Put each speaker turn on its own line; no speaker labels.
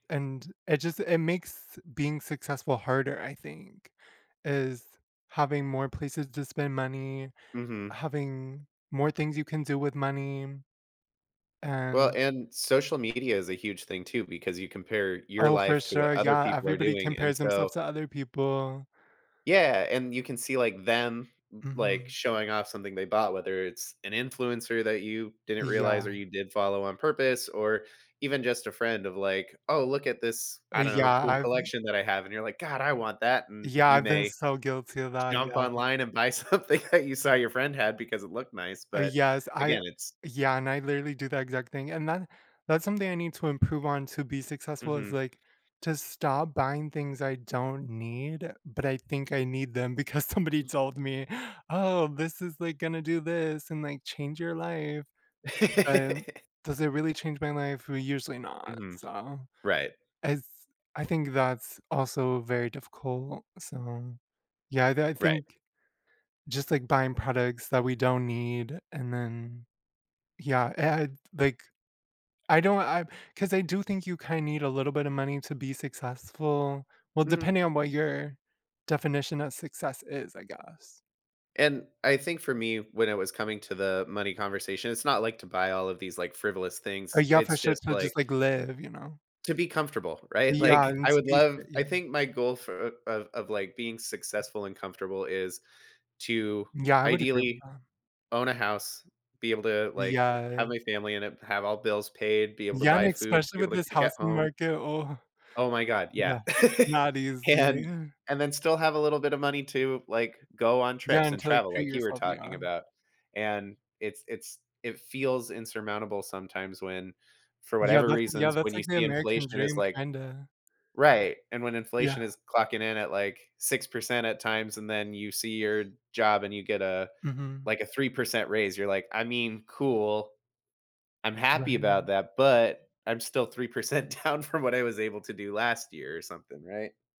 And it just it makes being successful harder, I think, is having more places to spend money,
Mhm.
having more things you can do with money,
Well
and
and social media is a huge thing too because you compare your
Oh, for
life to
sure,
what other
yeah
people are
everybody
doing, and
compares
so
themselves to other people.
Yeah, and you can see, like, them, l like,
Mhm.
showing off something they bought, whether it's an influencer that you didn't realize or
Yeah.
you did follow on purpose or even just a friend of, like, "Oh, look at this,"
Uh,
I don't know,
yeah,
cool
I've
collection that I have," and you're like, "God, I want that," and
Yeah,
you
I've been
may
so guilty about that,
jump
yeah.
online and buy something that you saw your friend had because it looked nice,
Uh,
but,
yes, I
again, it's
yeah and I literally do the exact thing, and then that's something I need to improve on to be successful is,
Mhm.
like, to stop buying things I don't need, but I think I need them because somebody told me, "Oh, this is, like, gonna do this and, like, change your life," but does it really change my life? Well, usually not,
Mhm,
so
right.
as I think that's also very difficult, so, yeah, th I I
Right.
think just like, buying products that we don't need and then yeah, and, like, I don't I 'cause I do think you kinda need a little bit of money to be successful well,
Mhm.
depending on what your definition of success is, I guess.
And I think for me, when I was coming to the money conversation, it's not like to buy all of these, like, frivolous
Uh,
things.
yeah, for
It's
sure
just,
to
like
just like live, you know.
to be comfortable, right?
Yeah,
Like,
and
I
to
would
be
love
fit
I
yeah.
think my goal for of of, like, being successful and comfortable is to
Yeah, I would agree with
ideally
that.
own a house, be able to, like,
Yeah.
have my family and have all bills paid, be able to
Yeah, and
buy food,
especially
be able
with
to
this
cook at
housing
home.
market, oh
Oh my god, yeah,
no not
and
easy.
and then still have a little bit of money to, like, go on
Yeah,
trips and
until, like,
travel
treat
like you were
yourself,
talking
yeah.
about, and it's it's it feels insurmountable sometimes when, for
Yeah,
whatever
that's yeah,
reasons, when
that's,
you
like, the
see
American
inflation is
dream
like
kinda.
right, and when
Yeah.
inflation is clocking in at, like, 6% at times and then you see your job and you get a,
Mhm.
like, a 3% raise, you're like, "I mean, cool, I'm happy about
Right.
that, but I'm still 3% down from what I was able to do last year," or something, right?